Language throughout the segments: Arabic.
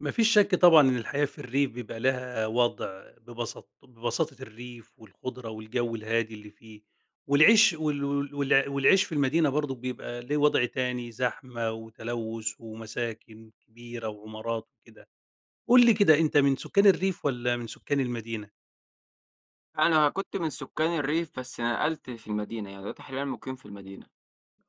ما فيش شك طبعًا إن الحياة في الريف بيبقى لها وضع، ببسط ببساطة الريف والخُضرة والجو الهادي اللي فيه، والعيش وال وال وال والعيش في المدينة برضو بيبقى ليه وضع تاني، زحمة وتلوث ومساكن كبيرة وعمارات وكده. قل لي كده، أنتَ من سكان الريف والّا من سكان المدينة؟ أنا كنت من سكان الريف بس نقلت في المدينة، يعني دلوقتي حاليًا مُقيم في المدينة.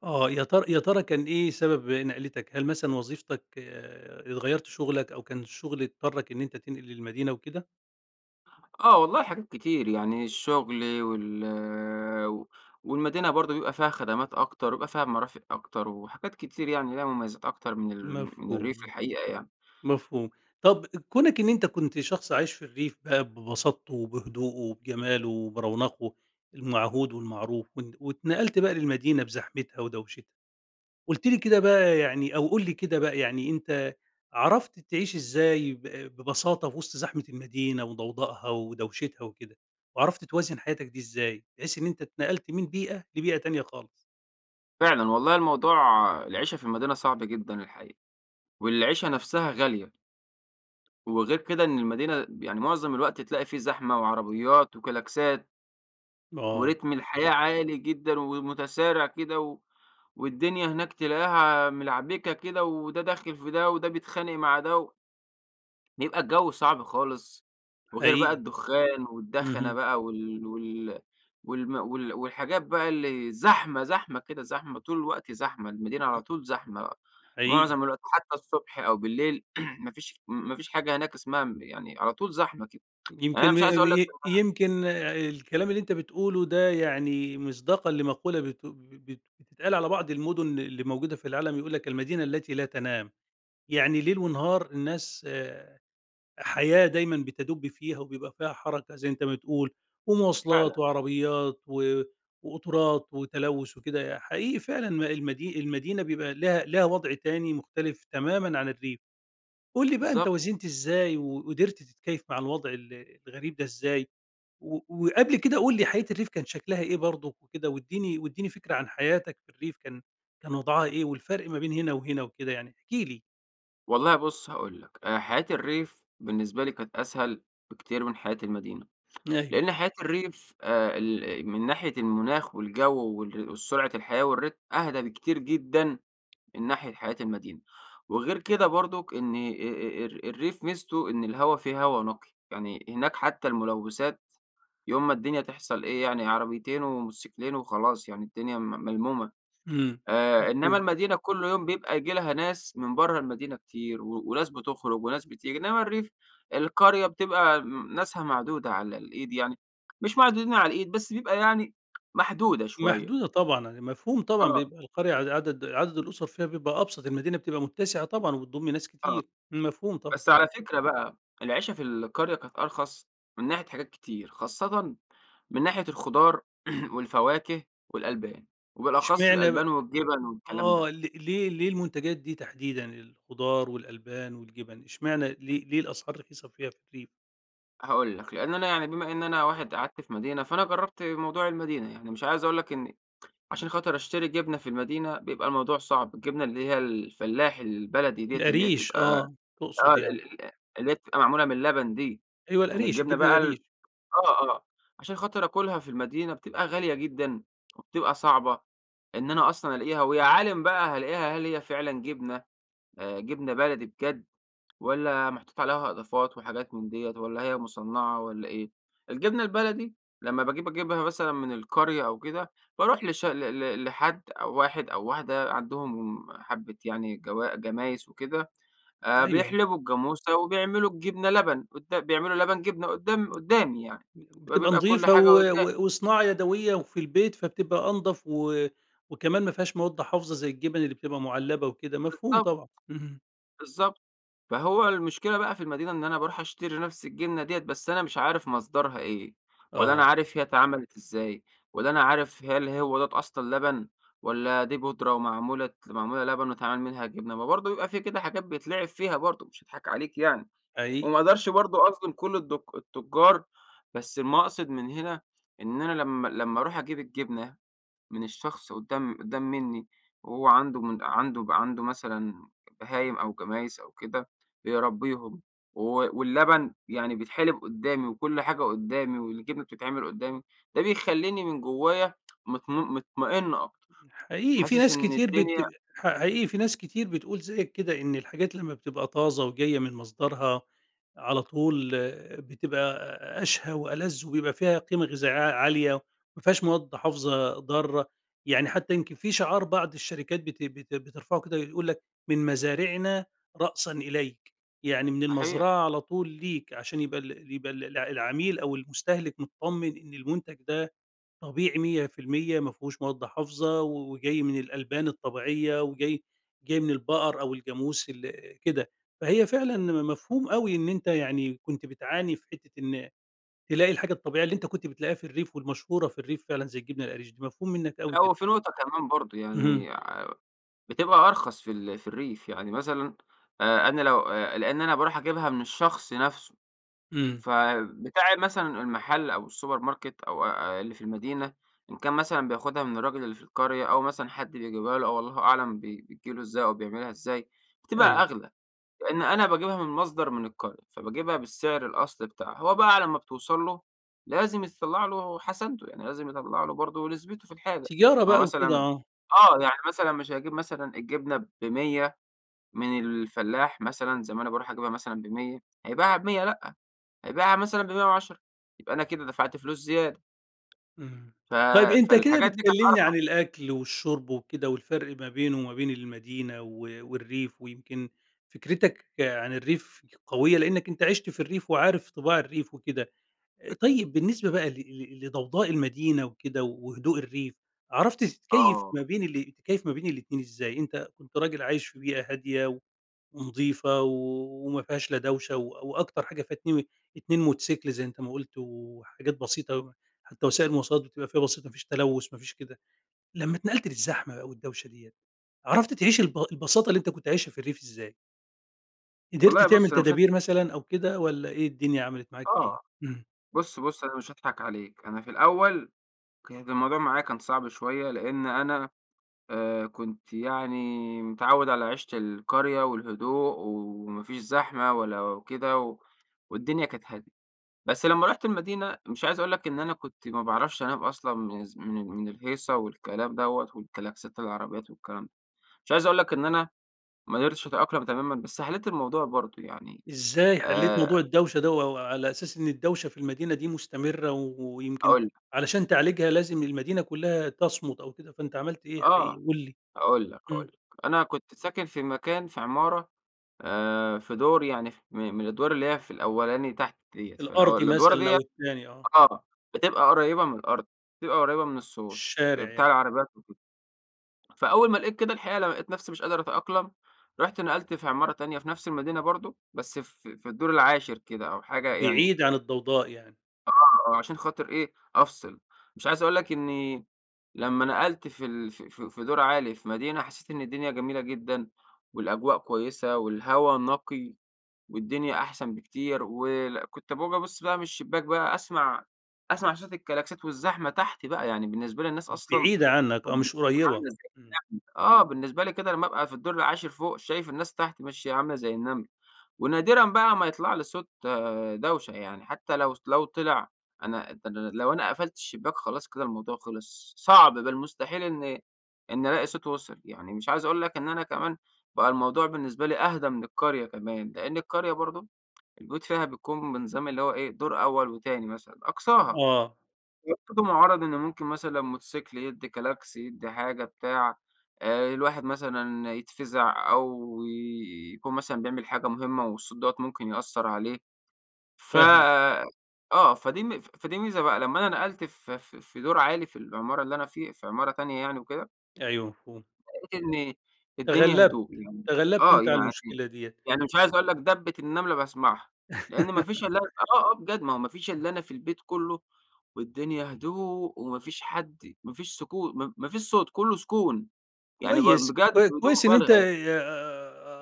آه يا تر يا ترى كان إيه سبب نَقلتك؟ هل مثلًا وظيفتك ات غيرت شُغلك أو كان الشُغل اضطرك إن أنتَ تنقل للمدينة وكده؟ آه والله حاجات كتير؛ يعني الشغل وال و والمدينة برضو بيبقى فيها خدمات أكتر وبيبقى فيها مرافق أكتر وحاجات كتير، يعني ليها مميزات أكتر من ال من مفهوم، الريف مفهوم، الحقيقة يعني. مفهوم. طب كونك إن أنتَ كنت شخص عايش في الريف بقى ببساطته وبهدوءه وبجماله وبرونقه المعهود والمعروف، وانت واتنقلت بقي للمدينة بزحمتها ودوشتها، قلت لي كده بقى يعني أو قل لي كده بقى يعني، أنتَ عرفت تعيش إزاي ب ببساطة في وسط زحمة المدينة وضوضاءها ودوشتها وكده؟ وعرفت توازن حياتك دي إزاي؟ بحيث إن أنتَ أتنقلت من بيئة لبيئة تانية خالص. فعلًا، والله الموضوع العيشة في المدينة صعب جدًا الحقيقة، والعيشة نفسها غالية. وغير كده، إن المدينة بِ معظم الوقت تلاقي في زحمة وعربيات وكلاكسات. آه. ورتم الحياة عالي جدًا ومتسارع كده، و والدنيا هناك تلاقيها ملعبكة كده، وده داخل في ده، وده بيتخانق مع ده بيبقى الجو صعب خالص. وغير بقى حقيقي. الدخان والدخنة اهم. بقى وال وال والم وال والحاجات بقى اللي زحمة زحمة كده، زحمة، طول الوقت زحمة، المدينة على [unintelligible] طول زحمة بقى، حقيقي. معظم الوقت، حتى الصبح أو بالليل ما فيش ما فيش حاجة هناك اسمها م يعني على طول زحمة كده. يعني يمكن أنا م مش عايز أقول لك ي إن أنا يمكن آآ الكلام اللي أنتَ بتقوله ده يعني مصداقًا لمقولة بت بت بتتقال على بعض المدن اللي موجودة في العالم يقول لَك: "المدينة التي لا تنام." يعني ليل ونهار الناس آآ حياة دايمًا بتدب فيها وبيبقى فيها حركة زي أنتَ ما بتقول، فعلاً. ومواصلات وعربيات و وقُطُرات وتلوث وكده. حقيقي فعلًا المدي المدينة بيبقى لها لها وضع تاني مختلف تمامًا عن الريف. قل لي بقى أنتَ بالضبط. وازنت إزاي، وقدرت تتكيف مع الوضع ال الغريب دا إزاي؟ و وقبل كده قل لي حياة الريف كان شكلها إيه برضُك وكده؟ واديني واديني فكرة عن حياتك في الريف كان كان وضعها إيه، والفرق ما بين هنا وهنا وكده يعني، احكِ لي. والله بص هاقول لك، آآ حياة الريف بالنسبة لي كانت أسهل بكتير من حياة المدينة، أيوه. لأن حياة الريف آآ ال من ناحية المناخ والجو وال والسرعة الحياة والرتم أهدى بكتير جدًا، من ناحية حياة المدينة. وغير كده برضك، إن آآ، آآ، الر الريف ميزته إن الهوا فيه هوا نقي، يعني هناك حتى الملوثات يوم ما الدنيا تحصل إيه، يعني عربيتين وموتوسكلين وخلاص، يعني الدنيا م ملمومة. إمم، آآ إنما مفهوم. المدينة كل يوم بيبقى ييجي لها ناس من برّه المدينة كتير، و وناس بتخرج وناس بتيجي. إنما الريف، القرية بتبقى م ناسها معدودة على الإيد يعني، مش معدودين على الإيد بس بيبقى يعني محدودة شوية. محدودة طبعًا. يعني مفهوم طبعًا، آه. بيبقى القرية ع عدد عدد الأسر فيها بيبقى أبسط، المدينة بتبقى متسعة طبعًا، وبتضم ناس آه، كتير. امم، مفهوم طبعًا. بس على فكرة بقى، العيشة في القرية كانت أرخص من ناحية حاجات كتير، خاصةً من ناحية الخضار والفواكة والألبان، وبالأخص إشمعنى ب الألبان والجبن والكلام ده. آه، ل ليه ليه المنتجات دي تحديدًا، الخضار والألبان والجِبن؟ إشمعنى؟ ليه ليه الأسعار رخيصة فيها في الريف؟ هاقول لك، لأن أنا يعني بما إن أنا واحد قعدت في مدينة، فأنا جربت موضوع المدينة، يعني مش عايز أقول لك إني عشان خاطر أشتري جبنة في المدينة؛ بيبقى الموضوع صعب، الجبنة اللي هي الفلاحي البلدي ديَّة، اللي هي القريش، بتبقى آه، آه تقصد يعني. ال ال اللي هي تبقى معمولة من اللبن دي، أيوه يعني القريش، الجبنة الجبنة بقى ال القريش. آه آه عشان خاطر آكلها في المدينة بتبقى غالية جدًا، وبتبقى صعبة إن أنا أصلًا ألاقيها، و يا عالم بقى هالاقيها، هل هي فعلًا جبنة، آآ، جبنة بلدي بجد، والّا محطوط عليها إضافات وحاجات من ديَّة؟ والّا هي مُصنَّعة والّا إيه؟ الجبنة البلدي لما باجيب أجيبها مثلًًا من القرية أو كده، باروح لش ل ل لحد أو واحد أو واحدة عندهم حبة يعني جوا جمايس وكده، آآ، أيوه. بيحلبوا الجاموسة وبيعملوا الجبنة لبن، قدا بيعملوا لبن جبنة قدّام قدّامي يعني، بتبقى وبيبقى كل نضيفة حاجة و قدّامي. و وصناعة يدوية وفي البيت؛ فبتبقى أنضف و وكمان مافيهاش مواد حافظة زي الجبن اللي بتبقى معلبة وكده. مفهوم بالضبط، طبعًا. اهم. بالضبط فهو المشكلة بقى في المدينة إن أنا باروح أشتري نفس الجنة ديّة، بس أنا مش عارف مصدرها إيه! ولا أنا آه. عارف هي اتعملت إزاي! ولا أنا عارف، هل هو دَوّة أصلًا لبن؟! ولا دي بُودرة ومعمولة ت معمولة لبن واتعمل منها جبنة؟! ما برضو يبقى في كده حاجات بيتلعب فيها برضو مش هاضحك عليك يعني، حقيقي. وما أقدرش برضو أظلم كل الدك التجار، بس المقصد من هنا إن أنا لما لما أروح أجيب الجبنة من الشخص قدّام قدّام مني، هو عنده عنده عنده مثلًا بهايم أو جمايس أو كده، بيربيهم، و واللبن يعني بيتحلب قدّامي، وكل حاجة قدّامي والجبنة بتتعمل قدّامي، ده بيخلّيني من جوايا مطم مطمئن أكتر، حقيقي في حاسس ناس إن كتير الدنيا بت ح حقيقي فيه ناس كتير بتقول زيك كده، إن الحاجات لما بتبقى طازة وجاية من مصدرها على طول آآ بتبقى أشهى وألذ، وبيبقى فيها قيمة غذائية ع-عالية، ما فيهاش مواد حافظة ضارة، يعني حتى يمكن في شعار بعض الشركات بت بت بترفعه كده يقول لك:" من مزارعنا رأسًا إليك." يعني من صحيح. المزرعة على طول ليك؛ عشان يبقى ال يبقى ال العميل أو المستهلك متطمن إن المنتج ده طبيعي 100% مافيهوش مواد حافظة، وجاي من الألبان الطبيعية، وجاي جاي من البقر أو الجاموس ال كده، فهي فعلًا مفهوم أوي إن أنت يعني كنت بتعاني في حتة إن تلاقي الحاجة الطبيعية اللي أنت كنت بتلاقيها في الريف والمشهورة في الريف فعلًا زي الجبنة القريش دي، مفهوم منك لا أوي هو كده. في نقطة كمان برضو اهم. يعني ع بتبقى أرخص في ال في الريف، يعني مثلًا آآ أنا لو آآ، لأن أنا باروح أجيبها من الشخص نفسه، امم. فبتاع مثلًا المحل أو السوبر ماركت أو أ اللي في المدينة إن كان مثلًا بياخدها من الراجل اللي في القرية أو مثلًا حد بيجيبها له أو الله أعلم بي بتيجي له إزاي أو بيعملها إزاي، بتبقى أيوه. أغلى. لأن أنا باجيبها من مصدر من القرية، فباجيبها بالسعر الأصلي بتاعها. هو بقى على ما بتوصَل له لازم يطلع له حسنته، يعني لازم يطلع له برضو نسبته في الحاجة. تجارة ما هو بقى وكده، مثلًا آه. آه يعني مثلًا مش هيجيب مثلًا الجبنة ب100 من الفلاح مثلًا زي ما أنا باروح أجيبها مثلًا ب100، هيبيعها ب100، لأ، هيبيعها مثلًا ب110 يبقى أنا كده دفعت فلوس زيادة. اهم، ف طيب أنت كده فالحاجات دي بتكلمني [unintelligible] عن الأكل والشرب وكده، والفرق ما بينه وما بين المدينة و والريف ويمكن فكرتك عن الريف قوية؛ لأنك أنت عِشت في الريف، وعارف طباع الريف وكده، أكيد. طيب بالنسبة بقى ل ل لضوضاء المدينة وكده وهدوء الريف، عرفت تتكيف آه. ما بين ال تتكيف ما بين الاتنين إزاي؟ أنت كنت راجل عايش في بيئة هادية ونضيفة، وما فيهاش لا دوشة و وأكتر حاجة فيها اتني اتنين موتوسيكل زي أنت ما قلت وحاجات بسيطة، حتى وسائل المواصلات بتبقى فيها بسيطة، ما فيش تلوث ما فيش كده، لما اتنقلت للزحمة و الدوشة ديّة، عرفت تعيش الب البساطة اللي أنت كنت عايشها في الريف إزاي؟ قدرت والله بُص تعمل أنا مش هاض تدابير مثلًا أو كده والّا إيه الدنيا عملت معاك إيه؟ آه، امم. بُص بُص، أنا مش هاضحك عليك أنا في الأول، كانت الموضوع معايا كان صعب شويّة لأن أنا آآ كنت يعني متعوّد على عيشة القرية والهدوء وما فيش زحمة ولا وكده، والدنيا كانت هادية. بس لمّا رُحت المدينة مش عايز أقول لَك إن أنا كنت ما بعرفش أنام أصلًا من ز من مِن الهيصة والكلام دَوَّة والكَلاكسات العربيّات والكلام ده. مش عايز أقول لَك إن أنا ما اقدرتش أتأقلم تمامًا بس حليت الموضوع برضو، يعني، إزاي حليت موضوع آآ الدوشة ده و وعلى أساس إن الدوشة في المدينة دي مستمرة، ويمكن هاقول لَك. علشان تعالجها لازم المدينة كلّها تَصمُت أو كده فأنتَ عَمَلت إيه آه. حقيقي، قل لي؟ هاقول لَك، هاقول امم. لَك، أنا كنت ساكن في مكان في عمارة، آآ، في دور يعني فِ م من الأدوار اللي هيّ في الأولاني تحت دِيَّة، في الأو الأرضي الأدوار مثلًا ديّة أو التاني آه. آه، بتبقى قريبة مِن الأرض، بتبقى قريبة مِن الصوت آآ الشارع بتاع يع العربيّات وكده. فأول ما لقيت كده الحقيقة لمّا لقيت نفسي مش قادر أتأقلم، رُحت نقلت في عمارة تانية في نفس المدينة برضو، بس في في الدور العاشر كده أو حاجة يعني بعيد عن الضوضاء يعني. آه، آه عشان خاطر إيه، أفصل، مش عايز أقول لَك إنّي لمّا نقلت في ال في في في دور عالي في مدينة حسّيت إن الدنيا جميلة جدًا، والأجواء كويّسة والهوا نقي، والدنيا أحسن بكتير ول كنت باقوم أبص بقى مِن الشبّاك بقى أسمع أسمع صوت الكَلاكسات والزحمة تحتي بقى، يعني بالنسبة لي الناس أصلًا بعيدة عنك آه، مش [unintelligible] قريبة. امم. آه بالنسبة لي كده لمّا أبقى في الدور العاشر فوق شايف الناس تحت ماشية عاملة زي النمل، ونادرًا بقى ما يطلع لي صوت دوشة يعني حتّى لو لو طلع، أنا ده أنا لو أنا قفلت الشبّاك خلاص كده الموضوع خلص، صعب بل مستحيل إن إن ألاقي صوت وصل، يعني مش عايز أقول لَك إن أنا كمان بقى الموضوع بالنسبة لي أهدى مِن القرية كمان، لأن القرية برضو البيوت فيها بيكون بنظام اللي هو إيه، دور أوّل وتاني مثلًا أقصاها. آه. [unintelligible] مُعَرض إن ممكن مثلًا موتوسيكل يدّي كلاكس، يدّي حاجة بتاع، آآ الواحد مثلًا يتفزع أو يكون مثلًا بيعمل حاجة مهمّة والصوت دَوَّة ممكن يأثر عليه. فَ فاهمَك. آه، فدي فدي ميزة بقى لمّا أنا نقلت ف ف في دور عالي في العمارة اللي أنا في في عمارة تانية يعني وكده أيوه، مفهوم. لقيت إن الدنيا تغلبت هدوء. يعني تغلبت آه، أنتَ على يعني المشكلة دِيِّة. يعني مش عايز أقول لك دَبِّة النملة باسعمها، لأن ما فيش إلا آه، آه بجد ما هو ما فيش آه. إلاّ أنا في البيت كله، والدنيا هدوء وما فيش حد، ما فيش سكو م ما فيش صوت، كله سكون. يعني باق كويس، بجد كو بدون كويس إن أنتَ مبالغة يع ي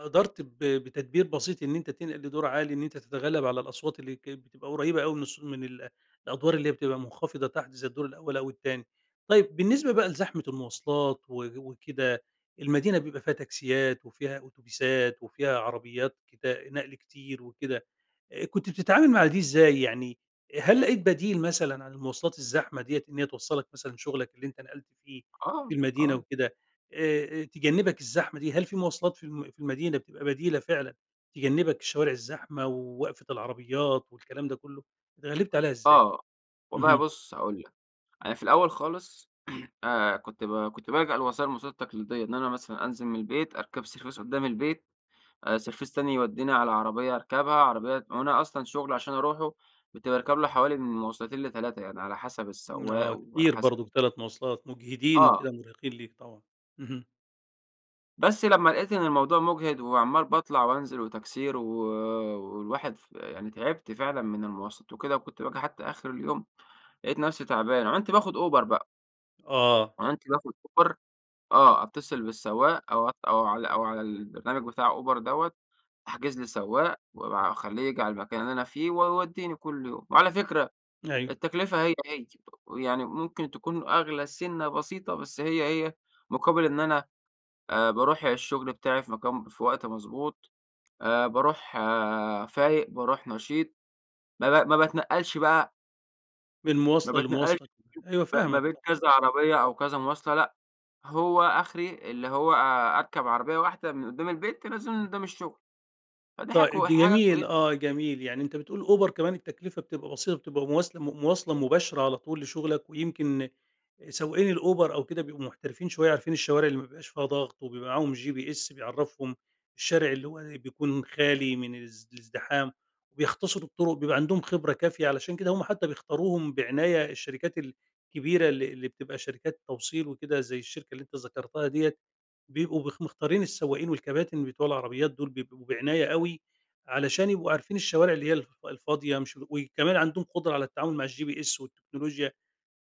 قدرت ب بتدبير بسيط إن أنتَ تنقل لدور عالي، إن أنتَ تتغلب على الأصوات اللي كانت بتبقى قريبة أوي من الصو من ال الأدوار اللي هي بتبقى مخفضة تحت، زي الدور الأول أو التاني. طيب، بالنسبة بقى لزحمة المواصلات و وكده، المدينة بيبقى فيها تاكسيات وفيها أوتوبيسات وفيها عربيات كت نقل كتير وكده، آآ، كُنت بتتعامل مع دي إزاي يعني؟ هل لقيت بديل مثلًا عن المواصلات الزحمة دِيِّة إن هي توصلك مثلًا شغلك اللي أنتَ نقلت فيه في آه، المدينة آه. وكدا؟ آآ، آآ تجنبك الزحمة دي؟ هل في مواصلات في الم في المدينة بتبقى بديلة فعلًا، تجنبك الشوارع الزحمة ووقفة العربيات والكلام ده كله؟ أتغلبت عليها إزاي؟ آه، والله اهم. بُص، هاقول لك، أنا في الأول خالص، آآ، كنت ب كنت بالجأ للوسائل المواصلات التقليدية. إن أنا مثلًا أنزل من البيت، أركب سرڤيس قدام البيت، آآ سرڤيس تاني يوديني على عربية أركبها، عربية وأنا أصلًا شغلي عشان أروحه كنت باركب له حوالي من مواصلتين ل3، يعني على حسب امم، السواق آه، وعلى كتير حسب برضو 3 مواصلات، مجهدين آه. وكدا، مرهقين ليك. طبعًا، اهم. بَس لمّا لقيت إنّ المَوضوع مُجهِد، وعمّال باطْلَع وأنْزِل وتَكْسير و والواحِد ف يعني تعِبْت فعلًا مِن المواصَلات وكده، وكنتْ باجي حتى آخر اليوم، لَقيت نفسي تَعبان، عنت باخُد أوبَر بقى. آه عنت باخد أوبَر. آه، أتّصِل بالسواق أو ع أو على أو على البرنامج بِتاع أوبَر دَوَّة، أحْجِز لي سَوَّاق واب أخَلّيه ييجي عَلى المَكَان اللي أنَا فيه، ويوَدّيني كل يوم. وعَلى فِكرة، أيوه. التكلفة هي هي، يعني مُمْكِن تكون أغْلى سِنَّة بسيطة، بس هي هي مُقابِل إنّ أنا، آآ، باروح الشُّغْل بتاعي في مكان في وقت مَضْبوط، آآ، باروح آآ، فايق، باروح نَشيط. ما ب ما باتنقّلش بقى من ما مُواصلة باتنقّلش لمُواصلة، أيوه ما فاهمك، بين طب كَذَا عربية أو كَذا مواصلَة، لأ، هو آخْري اللي هو آآ، أرْكَب عَرَبيَّة واحْدة من قدَّام البيت تنزلني قُدّام الشغل؛ فدي حاجَة طي كو حاجَة جميل، كويّسَة ي آه، جميل. يعني أنت بتقول أوبر كمان التكلفة بتبقى بسيطة بتبقى مواسل مُواصْلة مباشرة على طول لشغلك، ويمكن سواقين الأوبر أو كده بيبقوا محترفين شوية، عارفين الشوارع اللي ما بيبقاش فيها ضغط وبيبقى معاهم GPS بيعرفهم الشارع اللي هو ي بيكون خالي من الز الازدِحام، وبيختصروا الطرق، بيبقى عندهم خبرة كافية؛ علشان كده هم حتى بيختاروهم بعناية، الشركات الكبيرة اللي اللي بتبقى شركات توصيل وكده- زَيّ الشركة اللي أنت ذكرتها دِيَّة- بيبقوا بخ مختارين السواقين والكباتن بِتوع العربيات دول بيبقوا بعناية أوي، علشان يبقوا عارفين الشوارع اللي هي الف الفاضية مش و وكمان عندهم قدرة على التعامل مع الGPS والتكنولوجيا.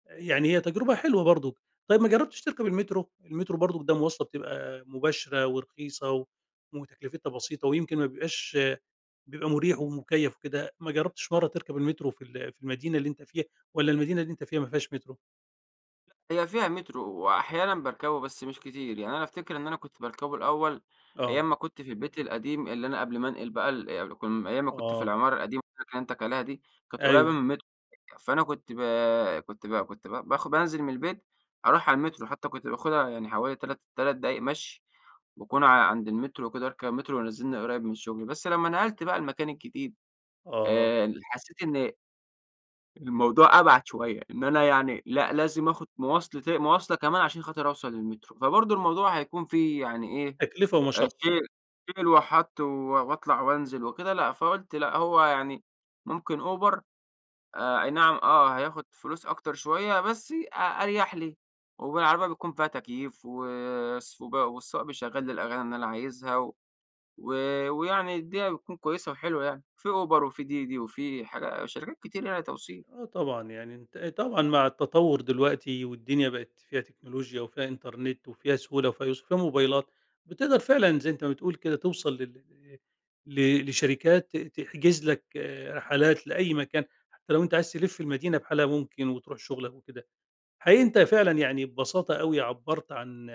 يعني هي تجربة حلوة برضو. طيب، ما جربتش تركب المترو؟ المترو برضو ده مواصلة بتبقى مباشرة ورخيصة و وتكلفتها بسيطة ويمكن ما بيبقاش بيبقى مريح ومُكيَّف وكده. ما جرَّبتش مَرّة تركب المترو في ال في المدينة اللي أنت فيها؟ والّا المدينة اللي أنتَ فيها ما فيهاش متْرو؟ هي فيها مترو وأحيانًا باركبه بس مش كتير. يعني أنا أفتكر إن أنا كنت باركبه الأول، آه. أيام ما كنت في البيت القديم اللي أنا قبل ما أنقل بقى ال كم أيام ما كنت في آه. العمارة القديمة اللي أنا كلمتك عليها دي، كانت قريبة مِن أيوه. المتر فأنا كنت بَ كنت ب كنت ب باخ بانزل مِن البيت، أروح على المترو حتى كنت باخدها يعني حوالي 3 3 دقايق مَشي، وأكون ع عند المترو وكده وأركب مترو وينزلني قريب مِن الشغل، بس لما نقلت بقى المكان الجديد، آه. آآ، ال حسيت إن الموضوع أبعد شوية، إن أنا يعني لأ، لازم آخد مواصلتي مواصلة كمان عشان خاطر أوصل للمترو. فبرضو الموضوع هيكون فيه يعني إيه؟ تكلفة آآ ومشقة. شيل شيل وحط و وأطلع وأنزل وكده لأ، فقُلت لأ هو يعني ممكن Uber آآ أَي نعم، آه هياخد فلوس أكتر شوية بس أ أريح لي، وبالعربية بيكون فيها تكييف وس والسواق بيشغل لي الأغاني اللي أنا عايزها و و ويعني الدنيا بتكون كويسة وحلوة يعني، في Uber وفي DiDi وفي حاجا شركات كتيرة يعني توصيل. آه، طبعًا يعني أنتَ طبعًأ مع التطور دلوقتي والدنيا بقت فيها تكنولوجيا وفيها إنترنت وفيها سهولة وفيها يُسر وفيها موبايلات، بتقدر فعلًا زي أنتَ ما بتقول كده توصل لل إإ ل لشركات ت تحجز لَك رحلات لأي مكان، حتى لو أنتَ عايز تلف المدينة بحالها ممكن وتروح شغلَك وكده. حقيقي أنتَ فعلًا يعني ببساطة أوي عبرت عن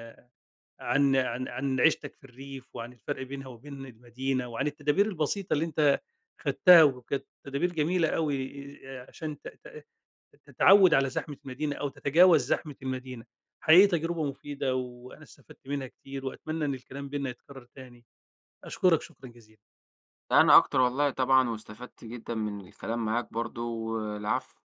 عن عن عن عيشتك في الريف وعن الفرق بينها وبين المدينة وعن التدابير البسيطة اللي أنتَ أخدتها وكانت تدابير جميلة أوي عشان ت ت ت تتعود على زحمة المدينة أو تتجاوز زحمة المدينة. حقيقي تجربة مفيدة وأنا استفدت منها كتير، وأتمنى إن الكلام بيننا يتكرر تاني. أشكرك شكرًا جزيلًا. ده أنا أكتر والله طبعًا واستفدت جدًا من الكلام معاك برضو، والعفو.